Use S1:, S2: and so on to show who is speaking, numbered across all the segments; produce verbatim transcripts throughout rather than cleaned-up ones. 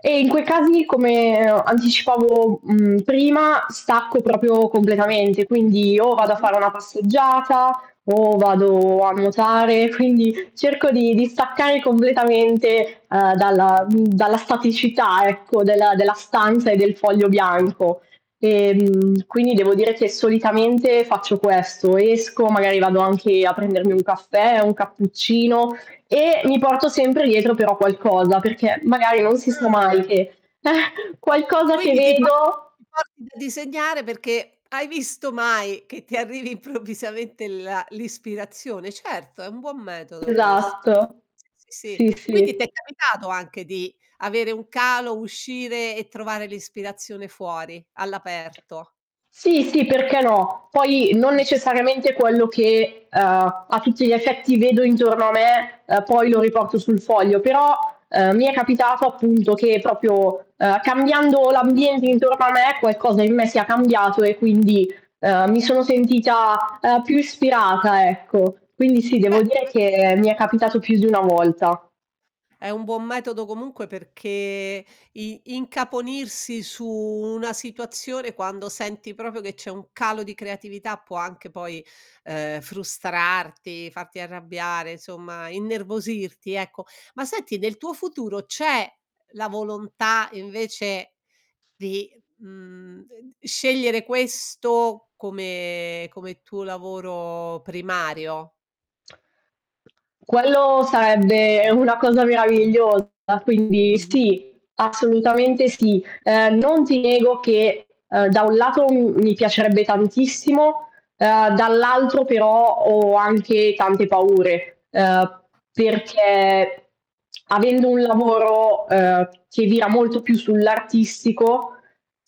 S1: E in quei casi, come, ehm, ho anticipavo, uhm, prima, stacco proprio completamente. Quindi o vado a
S2: Mh-mh.
S1: fare una passeggiata, o vado a nuotare. Quindi cerco di di staccare completamente, uhm, dalla uhm, dalla staticità, ecco, della della stanza e del foglio bianco. Ehm, quindi devo dire che solitamente faccio questo, esco, magari vado anche a prendermi un caffè, un cappuccino e mi porto sempre dietro però qualcosa, perché magari non si sa mai
S2: Ah!
S1: che qualcosa che
S2: Quindi ti porti
S1: vedo
S2: ti porti da disegnare perché, hai visto mai, che ti arrivi improvvisamente la l'ispirazione. Certo, è un buon metodo questo.
S1: Esatto.
S2: Sì, sì, sì.
S1: Sì,
S2: Quindi
S1: sì.
S2: t'è capitato anche di avere un calo, uscire e trovare l'ispirazione fuori, all'aperto.
S1: Sì, sì, perché no. Poi non
S2: Mh.
S1: necessariamente quello che, uhm, a tutti gli effetti vedo intorno a me, ehm, poi lo riporto sul foglio. Però, ehm, mi è capitato, appunto, che proprio, ehm, cambiando l'ambiente intorno a me qualcosa in me sia cambiato e quindi, ehm, mi sono sentita, ehm, più ispirata, ecco. Quindi sì, devo
S2: Beh,
S1: dire
S2: [unintelligible]
S1: che mi è capitato più di una volta.
S2: È un buon metodo comunque perché i incaponirsi su una situazione quando senti proprio che c'è un calo di creatività può anche poi, ehm, frustrarti, farti arrabbiare, insomma, innervosirti, ecco. Ma senti, nel tuo futuro c'è la volontà invece, di, mhmm, ded scegliere questo come come tuo lavoro primario?
S1: Quello sarebbe, ehm, una cosa meravigliosa, quindi
S2: Mh-mh.
S1: sì. Assolutamente sì. Uhm, non ti nego che, uhm, da un lato m mi piacerebbe tantissimo, ehm, dall'altro però ho anche tante paure, uhm, perché avendo un lavoro, uhm, che vira molto più sull'artistico,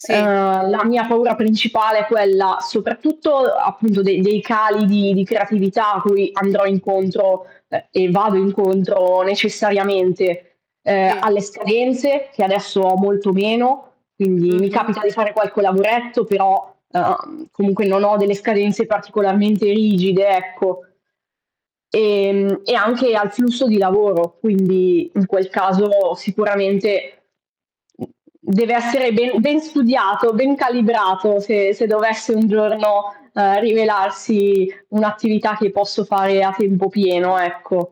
S2: Sì.
S1: uhm, la mia paura principale è quella soprattutto, appunto, dei dei cali di di creatività cui andrò incontro uhm, e vado incontro necessariamente, uhm,
S2: Sì.
S1: alle scadenze, che adesso ho molto meno. Quindi mi
S2: Mh-mh.
S1: capita di fare qualche lavoretto però, ehm, comunque non ho delle scadenze particolarmente rigide, ecco. E mhmm, e anche al flusso di lavoro, quindi in quel caso sicuramente m deve essere be ben studiato, ben calibrato, se se dovesse un giorno, uhm, rivelarsi un'attività che posso fare a tempo pieno, ecco.